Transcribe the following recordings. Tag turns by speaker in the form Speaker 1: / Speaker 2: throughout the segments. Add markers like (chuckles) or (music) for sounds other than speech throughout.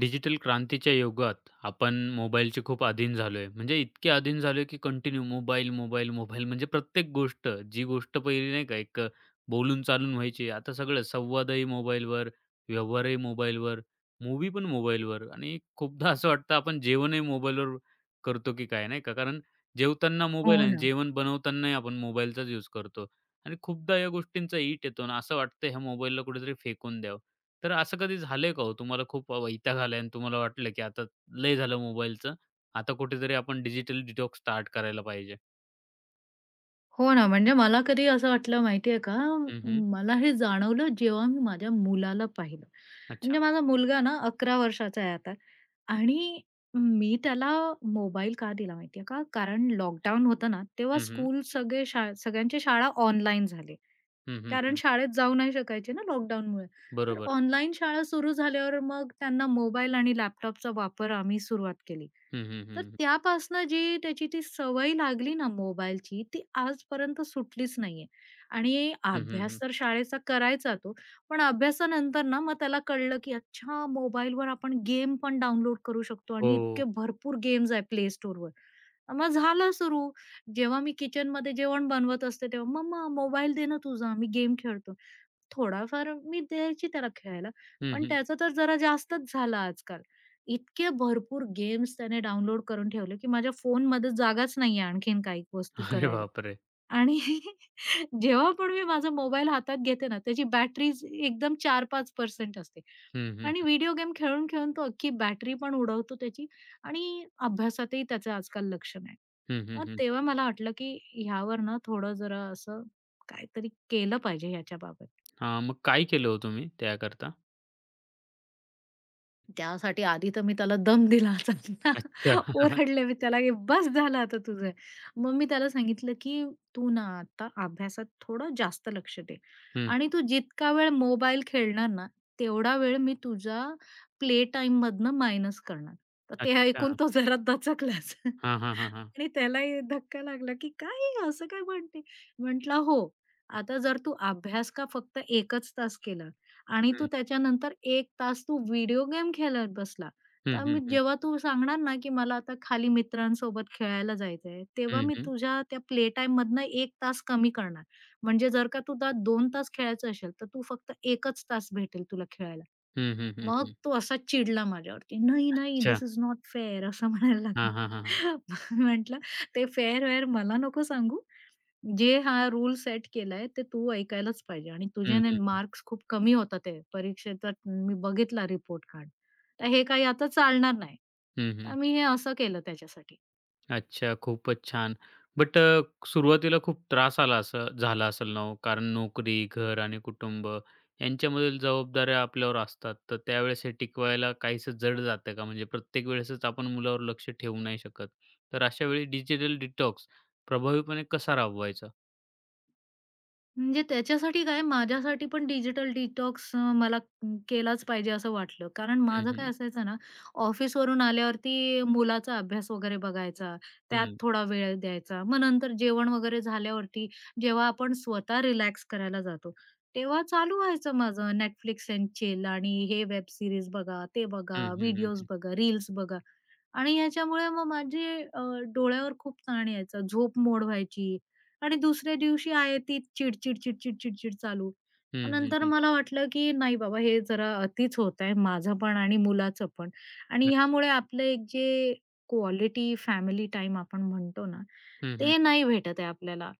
Speaker 1: Digital क्रांतीच्या युगात आपण मोबाईलचे खूप आधीन झालोय. म्हणजे इतके आधीन झालोय, की कंटिन्यू मोबाईल मोबाईल मोबाईल. म्हणजे प्रत्येक गोष्ट जी गोष्ट पहिली नाही का, एक अ, बोलून चालून व्हायची आता सगळं संवादही मोबाईलवर, व्यवहारही मोबाईलवर, मूव्ही पण मोबाईलवर आणि खूपदा असं वाटतं आपण जेवणही मोबाईलवर करतो की काय नाही का. कारण जेवताना मोबाईल
Speaker 2: हो
Speaker 1: आहे आणि
Speaker 2: ना.
Speaker 1: जेवण बनवतानाही आपण मोबाईलचाच युज करतो. आणि खूपदा या गोष्टींचा इट येतो आणि असं वाटतं ह्या मोबाईलला कुठेतरी फेकून द्यावं. तर असं कधी झालंय का हो तुम्हाला खूप वैताग आला आहे आणि तुम्हाला वाटलं, की आता लय झालं मोबाईलचं. आता कुठेतरी आपण डिजिटल डिटॉक्स स्टार्ट करायला पाहिजे?
Speaker 2: हो ना, म्हणजे मला कधी असं वाटलं माहितीये का,
Speaker 1: हं, हं.
Speaker 2: मला हे जाणवलं जेव्हा मी माझ्या मुलाला पाहिलं.
Speaker 1: अच्छा.
Speaker 2: म्हणजे माझा मुलगा ना, 11 वर्षाचा आहे आता. आणि मी त्याला मोबाईल का दिला माहितीये का, कारण लॉकडाउन होतं ना, तेव्हा
Speaker 1: हं, हं.
Speaker 2: स्कूल सगळे शा सगळ्यांचे शाळा ऑनलाईन झाले.
Speaker 1: हं, हं,
Speaker 2: कारण
Speaker 1: हं.
Speaker 2: शाळेत जाऊ नाही शकायचे ना, लॉकडाउनमुळे, तर
Speaker 1: बरोबर.
Speaker 2: ऑनलाईन शाळा सुरु झाल्यावर मग त्यांना मोबाईल आणि लॅपटॉपचा वापर आम्ही सुरुवात केली.
Speaker 1: हं, हं,
Speaker 2: तर
Speaker 1: हं, हं.
Speaker 2: त्यापासनं जी त्याची ती सवय लागली ना, मोबाईलची ती आजपर्यंत सुटलीच नाहीये. आणि
Speaker 1: हं, हं, हं.
Speaker 2: अभ्यास तर शाळेचा करायचा तो, पण अभ्यासानंतर ना, मग त्याला कळलं की अच्छा मोबाईलवर आपण गेम पण डाउनलोड करू शकतो. आणि
Speaker 1: हो.
Speaker 2: इतके भरपूर गेम्स आहेत प्ले स्टोअरवर, मग झालं सुरु. जेव्हा मी किचनमध्ये जेवण बनवत असते तेव्हा, मम्मा मोबाईल दे ना तुझा, मी गेम खेळतो. थोडाफार मी द्यायची त्याला खेळायला,
Speaker 1: हं,
Speaker 2: पण
Speaker 1: हं.
Speaker 2: त्याच तर जरा जास्तच झालं आजकाल इतके भरपूर गेम्स त्याने डाउनलोड करून ठेवले की माझ्या फोनमध्ये जागाच नाहीये आणखीन काही वस्तू
Speaker 1: अरे
Speaker 2: करायला.
Speaker 1: बापरे!
Speaker 2: आणि जेव्हा पण मी माझा मोबाईल हातात घेते ना, त्याची बॅटरीज एकदम 4-5% असते.
Speaker 1: हं, हं,
Speaker 2: आणि
Speaker 1: हं.
Speaker 2: व्हिडिओ गेम खेळून खेळून तो अख्खी बॅटरी पण उडवतो त्याची. आणि अभ्यासातही त्याचं आजकाल लक्ष नाही.
Speaker 1: हं, हं,
Speaker 2: मग
Speaker 1: हं, हं.
Speaker 2: तेव्हा मला वाटलं की ह्यावर ना, थोडं जरा असं काहीतरी केलं पाहिजे ह्याच्याबाबत.
Speaker 1: हां. मग काय केलं हो तुम्ही त्याकरता?
Speaker 2: त्यासाठी आधी तर मी त्याला दम दिला,
Speaker 1: अच्छा. (chuckles)
Speaker 2: ओरडले मी त्याला, "ए बस झालं आता तुझं." मग मी त्याला सांगितलं की, "तू ना आता अभ्यासात थोडं जास्त लक्ष दे.
Speaker 1: हं, हं.
Speaker 2: आणि तू जितका वेळ मोबाईल खेळणार ना, तेवढा वेळ मी तुझ्या प्ले टाईममधनं मायनस करणार." तर ऐकून
Speaker 1: अच्छा.
Speaker 2: तो जरा दचकलाच (chuckles)
Speaker 1: हां, हां, हां, हां.
Speaker 2: आणि त्यालाही धक्का लागला की, काय आहे ही, असं काय म्हणते? म्हटलं, "हो, आता जर तू अभ्यास का फक्त 1 च तास केला आणि तू
Speaker 1: हं.
Speaker 2: त्याच्यानंतर 1 तास तू व्हिडिओ गेम खेळत बसला,
Speaker 1: हं,
Speaker 2: तर
Speaker 1: हं, हं.
Speaker 2: जेव्हा तू सांगणार ना की, मला आता खाली मित्रांसोबत खेळायला जायचंय, तेव्हा
Speaker 1: हं,
Speaker 2: मी
Speaker 1: हं.
Speaker 2: तुझ्या त्या प्ले टाईममधनं 1 तास कमी करणार. म्हणजे जर का तू आता 2 तास खेळायचं असेल, तर तू फक्त 1 च तास भेटेल तुला खेळायला."
Speaker 1: हं, हं, हं,
Speaker 2: मग
Speaker 1: हं.
Speaker 2: तो असा चिडला माझ्यावरती. "नाही, नाही,
Speaker 1: अच्छा.
Speaker 2: This is not fair." असं म्हणायला लागला.
Speaker 1: हां, हां, हां, हां.
Speaker 2: मग मी म्हटलं, "ते फेअर-वेअर मला नको सांगू. जे हा रूल्स सेट केलंय, ते तू ऐकायलाच पाहिजे. आणि
Speaker 1: हं,
Speaker 2: तुझ्याने
Speaker 1: हं, हं.
Speaker 2: मार्क्स खूप कमी होत आहेत. परीक्षेचा मी बघितला रिपोर्ट कार्ड. तर हे काही आता चालणार नाही."
Speaker 1: हं, हं.
Speaker 2: तर मी हे असं केलं त्याच्यासाठी.
Speaker 1: अच्छा. खूपच छान. बट अ, सुरुवातीला खूप त्रास आला असं झाला असलं ना हो? कारण नोकरी, घर आणि कुटुंब यांच्यामधील जबाबदाऱ्या आपल्यावर असतात. तर त्यावेळेस हे टिकवायला काहीसं जड जातंय का, म्हणजे प्रत्येक वेळेसच आपण मुलावर लक्ष ठेवू नाही शकत. तर अशा वेळी डिजिटल डिटॉक्स प्रभावीपणे कसा राबवायचा?
Speaker 2: म्हणजे त्याच्यासाठी काय माझ्यासाठी पण डिजिटल डिटॉक्स अ, मला केलाच पाहिजे असं वाटलं. कारण
Speaker 1: हं,
Speaker 2: माझं काय
Speaker 1: हं.
Speaker 2: असायचं ना, ऑफिसवरून आल्यावरती मुलाचा अभ्यास वगैरे बघायचा. त्यात
Speaker 1: हं.
Speaker 2: थोडा वेळ द्यायचा. मग नंतर जेवण वगैरे झाल्यावरती, जेव्हा आपण स्वतः रिलॅक्स करायला जातो, तेव्हा चालू व्हायचं माझं, Netflix एंड चिल आणि हे वेब सीरीज बघा, ते
Speaker 1: हं,
Speaker 2: बघा,
Speaker 1: हं, हं,
Speaker 2: व्हिडिओज
Speaker 1: हं.
Speaker 2: बघा, रील्स बघा. आणि ह्याच्यामुळे मग माझे अ, डोळ्यावर खूप ताण यायचा. झोपमोड व्हायची. आणि दुसऱ्या दिवशी आहे, तिच चिड-चिड, चिड-चिड, चिड-चिड चालू. मग
Speaker 1: हं, हं,
Speaker 2: नंतर
Speaker 1: हं.
Speaker 2: मला वाटलं, की नाही बाबा हे जरा अतिच होतंय, माझं पण आणि मुलाचं पण. आणि
Speaker 1: लक्ष.
Speaker 2: ह्यामुळे आपलं एक जे क्वालिटी फॅमिली टाईम आपण म्हणतो ना,
Speaker 1: हं, हं,
Speaker 2: ते
Speaker 1: हं.
Speaker 2: नाही भेटत आहे आपल्याला.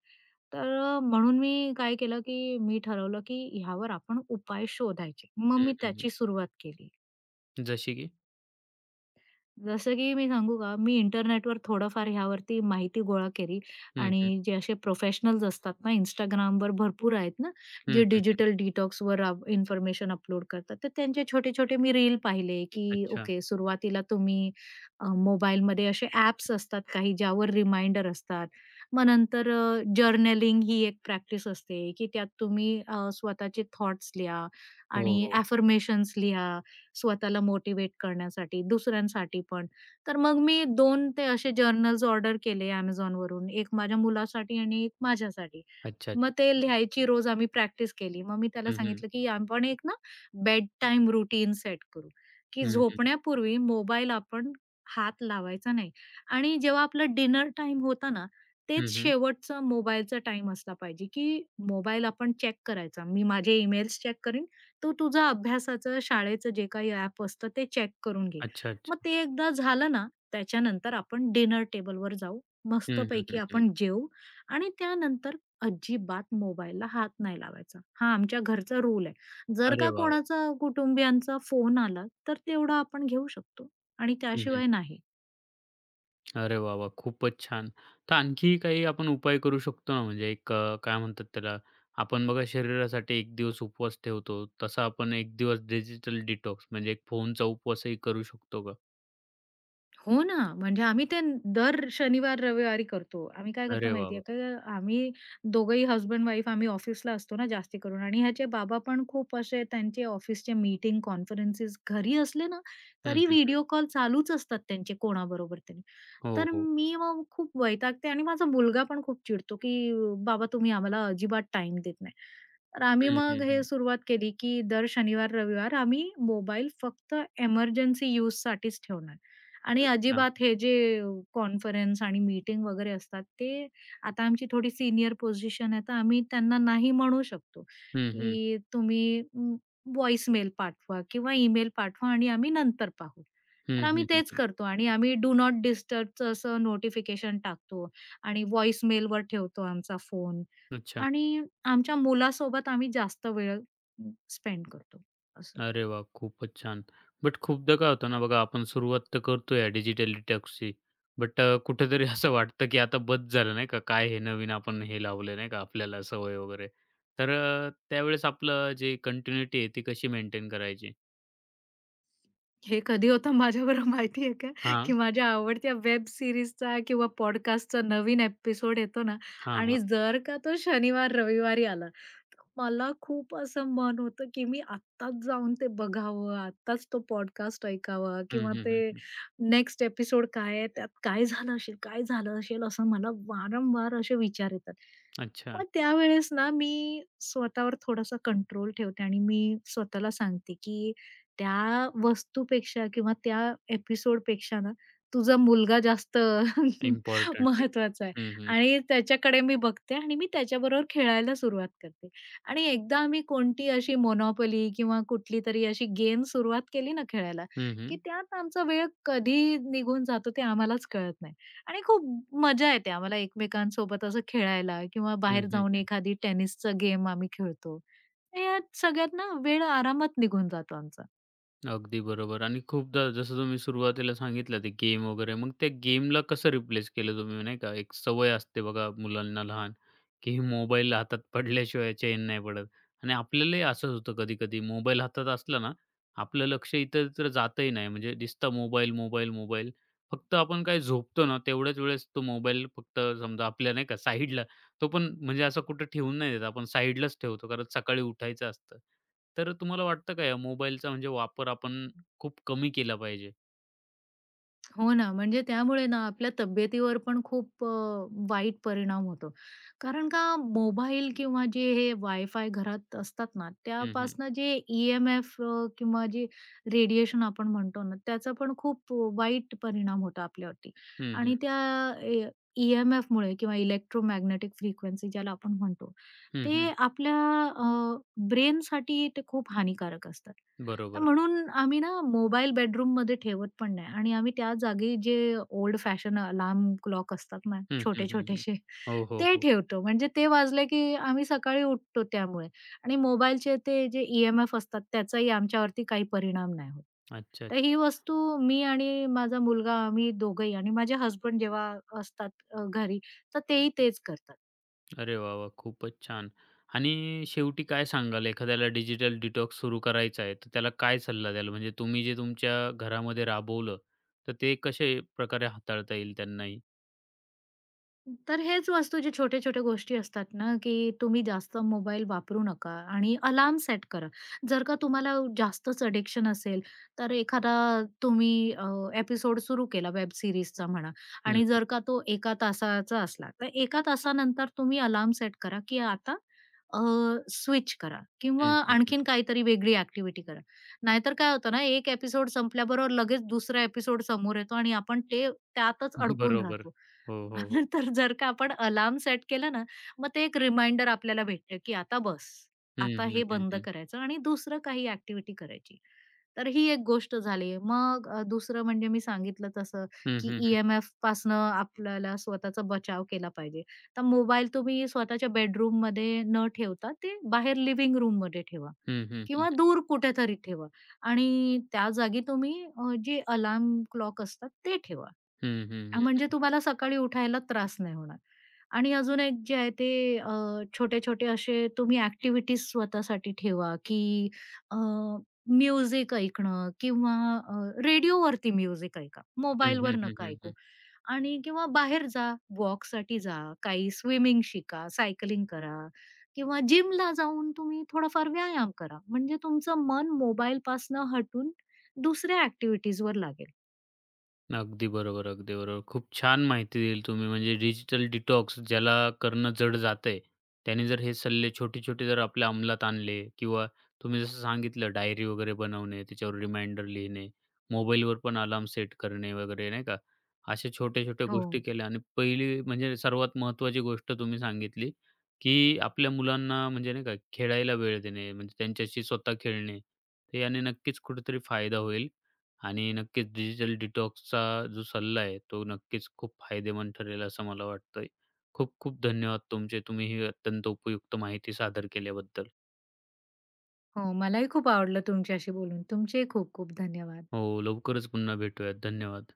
Speaker 2: तर अ, म्हणून मी काय केलं, की मी ठरवलं, की ह्यावर आपण उपाय शोधायचे. मग
Speaker 1: हं,
Speaker 2: मी
Speaker 1: हं, हं.
Speaker 2: त्याची सुरुवात केली.
Speaker 1: जसे की?
Speaker 2: जसं की, मी सांगू का, मी इंटरनेटवर थोडंफार ह्यावरती माहिती गोळा केली.
Speaker 1: हं, हं.
Speaker 2: आणि जे असे प्रोफेशनल्स असतात ना, Instagramवर भरपूर आहेत ना,
Speaker 1: हं,
Speaker 2: जे
Speaker 1: हं, हं.
Speaker 2: डिजिटल डिटॉक्सवर रा इन्फॉर्मेशन अपलोड करतात. तर त्यांचे छोटे-छोटे मी रील पाहिले की
Speaker 1: अच्छा.
Speaker 2: ओके, सुरुवातीला तुम्ही अ, मोबाईलमध्ये असे ॲप्स असतात काही, ज्यावर रिमाइंडर असतात. मग नंतर अ, जर्नलिंग ही एक प्रॅक्टिस असते की त्यात तुम्ही अ, स्वतःचे थॉट्स लिहा
Speaker 1: हो,
Speaker 2: आणि
Speaker 1: हो.
Speaker 2: ॲफर्मेशन्स लिहा, स्वतःला मोटिव्हेट करण्यासाठी, दुसऱ्यांसाठी पण. तर मग मी 2 ते असे जर्नल्स ऑर्डर केले Amazonवरून, 1 माझ्या मुलासाठी आणि 1 माझ्यासाठी.
Speaker 1: अच्छा, अच्छा.
Speaker 2: मग ते लिहायची रोज आम्ही प्रॅक्टिस केली. मग मी त्याला
Speaker 1: हं, हं.
Speaker 2: सांगितलं की, "आपण एक ना बेड टाईम रूटीन सेट करू, की
Speaker 1: हं, हं.
Speaker 2: झोपण्यापूर्वी मोबाईल आपण हात लावायचा नाही. आणि जेव्हा आपलं डिनर टाईम होतं ना, तेच
Speaker 1: हं, हं.
Speaker 2: शेवटचा मोबाईलचा टाईम असला पाहिजे की मोबाईल आपण चेक करायचा. मी माझे ईमेल्स चेक करीन, तू तुझं अभ्यासाचं, शाळेचं जे काही ॲप असतं ते चेक करून घे.
Speaker 1: अच्छा,
Speaker 2: मग
Speaker 1: अच्छा.
Speaker 2: ते एकदा झालं ना, त्याच्यानंतर आपण डिनर टेबलवर जाऊ,
Speaker 1: हं, हं,
Speaker 2: मस्तपैकी
Speaker 1: हं, हं.
Speaker 2: आपण जेवू आणि त्यानंतर अजिबात मोबाईलला हात नाही लावायचा." हा आमच्या घरचा रूल आहे. जर
Speaker 1: अरे,
Speaker 2: का
Speaker 1: वाह! वाह!
Speaker 2: कोणाचा कुटुंबियांचा फोन आला, तर तेवढा आपण घेऊ शकतो आणि
Speaker 1: हं, हं,
Speaker 2: त्याशिवाय
Speaker 1: हं.
Speaker 2: नाही.
Speaker 1: अरे वाह वाह! खूपच छान. तर आणखी काही आपण उपाय करू शकतो ना, म्हणजे एक अ, काय म्हणतात त्याला आपण बघा शरीरासाठी एक दिवस उपवास ठेवतो. तसा आपण एक दिवस डिजिटल डिटॉक्स म्हणजे एक फोनचा उपवासही करू शकतो का?
Speaker 2: हो ना, म्हणजे आम्ही ते दर शनिवार-रविवारी करतो. आम्ही काय करतो,
Speaker 1: अरे वाह,
Speaker 2: माहिती
Speaker 1: वाह!
Speaker 2: आहे? आम्ही दोघंही हसबँड-वाईफ आम्ही ऑफिसला असतो ना, जास्ती करून. आणि ह्याचे बाबा पण खूप असे, त्यांचे ऑफिसचे मीटिंग, कॉन्फरन्सेस घरी असले ना,
Speaker 1: हं,
Speaker 2: तरी
Speaker 1: हं, हं.
Speaker 2: व्हिडिओ कॉल चालूच असतात त्यांचे कोणाबरोबर तरी.
Speaker 1: हो,
Speaker 2: तर
Speaker 1: हो.
Speaker 2: मी मग खूप वैतागते आणि माझा मुलगा पण खूप चिडतो की, "बाबा, तुम्ही आम्हाला अजिबात टाईम देत नाही." तर आम्ही
Speaker 1: हं,
Speaker 2: मग
Speaker 1: हं,
Speaker 2: हे
Speaker 1: हं.
Speaker 2: सुरुवात केली की दर शनिवार-रविवार आम्ही मोबाईल फक्त एमर्जन्सी युजसाठीच ठेवणार. आणि
Speaker 1: अच्छा.
Speaker 2: अजिबात हे जे अ, कॉन्फरन्स आणि मीटिंग वगैरे असतात, ते आता आमची थोडी सीनियर पोझिशन आहे, तर आम्ही त्यांना नाही म्हणू शकतो
Speaker 1: हं, हं.
Speaker 2: की तुम्ही व्हॉइस मेल पाठवा किंवा ईमेल पाठवा आणि आम्ही नंतर पाहू.
Speaker 1: हं,
Speaker 2: तर आम्ही
Speaker 1: हं. हं,
Speaker 2: तेच
Speaker 1: हं.
Speaker 2: करतो. आणि आम्ही डू नॉट डिस्टर्बचं असं नोटिफिकेशन टाकतो आणि व्हॉइस मेलवर ठेवतो आमचा फोन.
Speaker 1: अच्छा.
Speaker 2: आणि आमच्या मुलासोबत आम्ही जास्त वेळ स्पेंड करतो असं.
Speaker 1: अरे वाह! खूपच छान. बट खूपदा काय होतं ना बघा, आपण सुरुवात तर करतोय डिजिटल डिटॉक्सची. बट अ, कुठेतरी असं वाटतं की आता बस झालं नाही का, काय हे नवीन आपण हे लावलं नाही का आपल्याला सवय वगैरे. तर अ, त्यावेळेस आपलं जे कंटिन्यूटी आहे ती कशी मेंटेन करायची?
Speaker 2: हे कधी होतं माझ्याबरोबर माहितीये का, की
Speaker 1: हां.
Speaker 2: माझ्या आवडत्या वेब सीरीजचा किंवा पॉडकास्टचा नवीन ॲपिसोड येतो ना.
Speaker 1: हां, हां.
Speaker 2: आणि जर का तो शनिवार, रविवारी आला. तर मला खूप असं मन होतं, की मी आत्ताच जाऊन ते बघावं. आत्ताच तो पॉडकास्ट ऐकावा.
Speaker 1: हं,
Speaker 2: किंवा
Speaker 1: हं, हं,
Speaker 2: ते
Speaker 1: हं.
Speaker 2: नेक्स्ट ॲपिसोड काय आहे, त्यात काय झालं असेल, काय झालं असेल, असं मला वारंवार असे विचार येतात.
Speaker 1: अच्छा.
Speaker 2: मग त्यावेळेस ना, मी स्वतःवर थोडासा कंट्रोल ठेवते. आणि मी स्वतःला सांगते, की त्या वस्तूपेक्षा किंवा त्या ॲपिसोड पेक्षा ना तुझा मुलगा जास्त अ, (chuckles)
Speaker 1: इम्पोर्टंट आहे.
Speaker 2: महत्वाचा आहे.
Speaker 1: हं, हं, हं.
Speaker 2: आणि त्याच्याकडे मी बघते आणि मी त्याच्याबरोबर खेळायला सुरुवात करते. आणि एकदा आम्ही कोणती अशी मोनोपोली किंवा कुठलीतरी अशी गेम सुरुवात केली ना खेळायला,
Speaker 1: हं,
Speaker 2: की
Speaker 1: हं.
Speaker 2: त्यात आमचा वेळ कधी निघून जातो, ते आम्हालाच कळत नाही. आणि खूप मजा येते आम्हाला, एकमेकांसोबत असं खेळायला. किंवा
Speaker 1: हं,
Speaker 2: बाहेर
Speaker 1: हं,
Speaker 2: जाऊन
Speaker 1: हं.
Speaker 2: एखादी टेनिसच गेम आम्ही खेळतो. यात सगळ्यात ना, वेळ आरामात निघून जातो आमचा.
Speaker 1: अगदी बरोबर. आणि खूपदा जसं तुम्ही सुरुवातीला सांगितलं. ते गेम वगैरे मग ते गेमला कसं रिप्लेस केलं तुम्ही? नाही का. एक सवय असते बघा, मुलांना लहान, की मोबाईल हातात पडल्याशिवाय चैन नाही पडत. आणि आपल्यालाही असंच होतं कधी-कधी, मोबाईल हातात असला ना, आपलं लक्ष इतरत्र जातंही नाही. म्हणजे दिसतं मोबाईल, मोबाईल, मोबाईल. फक्त आपण काय झोपतो ना, तेवढ्याच वेळेस तो मोबाईल फक्त समजा आपल्या नाही का साईडला. तो पण म्हणजे असं कुठे ठेवून नाही देत आपण, साईडलाच ठेवतो. कारण सकाळी उठायचं असतं. तर तुम्हाला वाटतं का ह्या मोबाईलचा म्हणजे वापर आपण खूप कमी केला पाहिजे?
Speaker 2: हो ना. म्हणजे त्यामुळे ना, आपल्या तब्येतीवर पण खूप अ, वाईट परिणाम होतो. कारण का? मोबाईल किंवा जे हे वायफाय घरात असतात ना,
Speaker 1: हं, हं.
Speaker 2: त्यापासनं जे ई-एम-एफ अ, किंवा जे रेडिएशन आपण म्हणतो ना, त्याचा पण खूप अ, वाईट परिणाम होतो आपल्यावरती.
Speaker 1: हं, हं.
Speaker 2: आणि त्या अ ई-एम-एफमुळे किंवा इलेक्ट्रोमॅग्नेटिक फ्रिक्वेन्सी ज्याला आपण म्हणतो,
Speaker 1: हं, हं.
Speaker 2: ते आपल्या अ, ब्रेनसाठी ते खूप हानिकारक असतात. तर
Speaker 1: बरोबर.
Speaker 2: म्हणून आम्ही ना, मोबाईल बेडरूममध्ये ठेवत पण नाही आणि आम्ही त्या जागी जे ओल्ड फॅशन अलार्म क्लॉक असतात ना,
Speaker 1: हं, हं, हं, हं.
Speaker 2: छोटे-छोटेसे
Speaker 1: हो, हो,
Speaker 2: ते
Speaker 1: हो.
Speaker 2: ठेवतो. म्हणजे ते वाजले की आम्ही सकाळी उठतो त्यामुळे. आणि मोबाईलचे ते जे ई-एम-एफ असतात त्याचाही आमच्यावरती काही परिणाम नाही होत.
Speaker 1: अच्छा,
Speaker 2: तर
Speaker 1: अच्छा,
Speaker 2: ही
Speaker 1: अच्छा.
Speaker 2: वस्तू मी आणि माझा मुलगा आम्ही दोघंही आणि माझे हसबंड जेव्हा असतात अ, घरी. तर तेही तेच करतात.
Speaker 1: अरे, वाह! वाह! खूपच छान. आणि शेवटी काय सांगाल? एखाद्याला डिजिटल डिटॉक्स सुरू करायचा आहे, तर त्याला काय सल्ला द्याल? म्हणजे तुम्ही जे तुमच्या घरामध्ये राबवलं, तर ते कशा प्रकारे हाताळता येईल त्यांनाही?
Speaker 2: तर हेच वस्तू जे छोट्या-छोट्या गोष्टी असतात ना, की तुम्ही जास्त मोबाईल वापरू नका आणि अलार्म सेट करा. जर का तुम्हाला जास्तच ॲडिक्शन असेल तर एखादा तुम्ही अ, ॲपिसोड सुरु केला वेब सीरीजचा म्हणा,
Speaker 1: हं,
Speaker 2: आणि
Speaker 1: हं.
Speaker 2: जर का तो एका तासाचा असला. तर एका तासानंतर तुम्ही अलार्म सेट करा, की आता अ, स्विच करा. किंवा
Speaker 1: हं, हं, हं.
Speaker 2: आणखीन काहीतरी वेगळी ॲक्टिव्हिटी करा. नाहीतर काय होतं ना? एक ॲपिसोड संपल्याबरोबर लगेच दुसरा ॲपिसोड समोर येतो, आणि आपण ते त्यातच अडकून
Speaker 1: बरोबर.
Speaker 2: राहतो.
Speaker 1: हो, हो, हो.
Speaker 2: आपण तर जर का आपण अलार्म सेट केलं ना, मग ते एक रिमाइंडर आपल्याला भेटते, की आता बस.
Speaker 1: हं,
Speaker 2: आता
Speaker 1: हं,
Speaker 2: हे
Speaker 1: हं,
Speaker 2: बंद
Speaker 1: हं.
Speaker 2: करायचं, आणि दुसरं काही ॲक्टिव्हिटी करायची. तर ही एक गोष्ट झाली. मग अ, दुसरं म्हणजे मी सांगितलं तसं,
Speaker 1: हं,
Speaker 2: की
Speaker 1: हं, हं.
Speaker 2: ई-एम-एफपासनं आपल्याला स्वतःचा बचाव केला पाहिजे. तर मोबाईल तुम्ही स्वतःच्या बेडरूममध्ये न ठेवता, ते बाहेर लिविंग रूममध्ये ठेवा.
Speaker 1: हं, हं, हं,
Speaker 2: किंवा
Speaker 1: हं.
Speaker 2: दूर कुठेतरी ठेवा. आणि त्या जागी तुम्ही अ, जे अलार्म क्लॉक असतात ते ठेवा.
Speaker 1: हं, हं, हं,
Speaker 2: म्हणजे
Speaker 1: हं.
Speaker 2: तुम्हाला सकाळी उठायला त्रास नाही होणार. आणि अजून एक जे आहे ते अ, छोटे-छोटे असे तुम्ही ॲक्टिव्हिटीज स्वतःसाठी ठेवा की अ, म्युझिक ऐकणं किंवा अ, रेडिओवरती म्युझिक ऐका.
Speaker 1: हं, हं,
Speaker 2: मोबाईलवर
Speaker 1: हं,
Speaker 2: नका
Speaker 1: हं,
Speaker 2: ऐकू.
Speaker 1: हं.
Speaker 2: आणि किंवा बाहेर जा, वॉकसाठी जा, काही स्विमिंग शिका, सायकलिंग करा किंवा जिमला जाऊन तुम्ही थोडाफार व्यायाम करा. म्हणजे तुमचं मन मोबाईलपासनं हटून दुसऱ्या ॲक्टिव्हिटीजवर लागेल.
Speaker 1: अगदी बरोबर, अगदी बरोबर. खूप छान माहिती दिली तुम्ही. म्हणजे डिजिटल डिटॉक्स ज्याला करणं जड जातंय, त्याने जर हे सल्ले छोटे-छोटे जर आपल्या अंमलात आणले किंवा तुम्ही जसं सांगितलं डायरी वगैरे बनवणे, त्याच्यावर रिमाइंडर लिहिणे, मोबाईलवर पण अलार्म सेट करणे वगैरे. नाही का? अशा छोट्या-छोट्या गोष्टी
Speaker 2: हो.
Speaker 1: केल्या. आणि पहिली म्हणजे सर्वात महत्त्वाची गोष्ट तुम्ही सांगितली, की आपल्या मुलांना म्हणजे नाही का, खेळायला वेळ देणे म्हणजे त्यांच्याशी स्वतः खेळणे. तर याने नक्कीच कुठेतरी फायदा होईल आणि नक्कीच डिजिटल डिटॉक्सचा जो सल्ला आहे, तो नक्कीच खूप फायदेमंद ठरेल असं मला वाटतंय. खूप खूप धन्यवाद तुमचे, तुम्ही ही अत्यंत उपयुक्त माहिती सादर केल्याबद्दल.
Speaker 2: हो. मलाही खूप आवडलं तुमच्याशी बोलून. तुमचेही खूप खूप धन्यवाद.
Speaker 1: हो, लवकरच पुन्हा भेटूयात. धन्यवाद.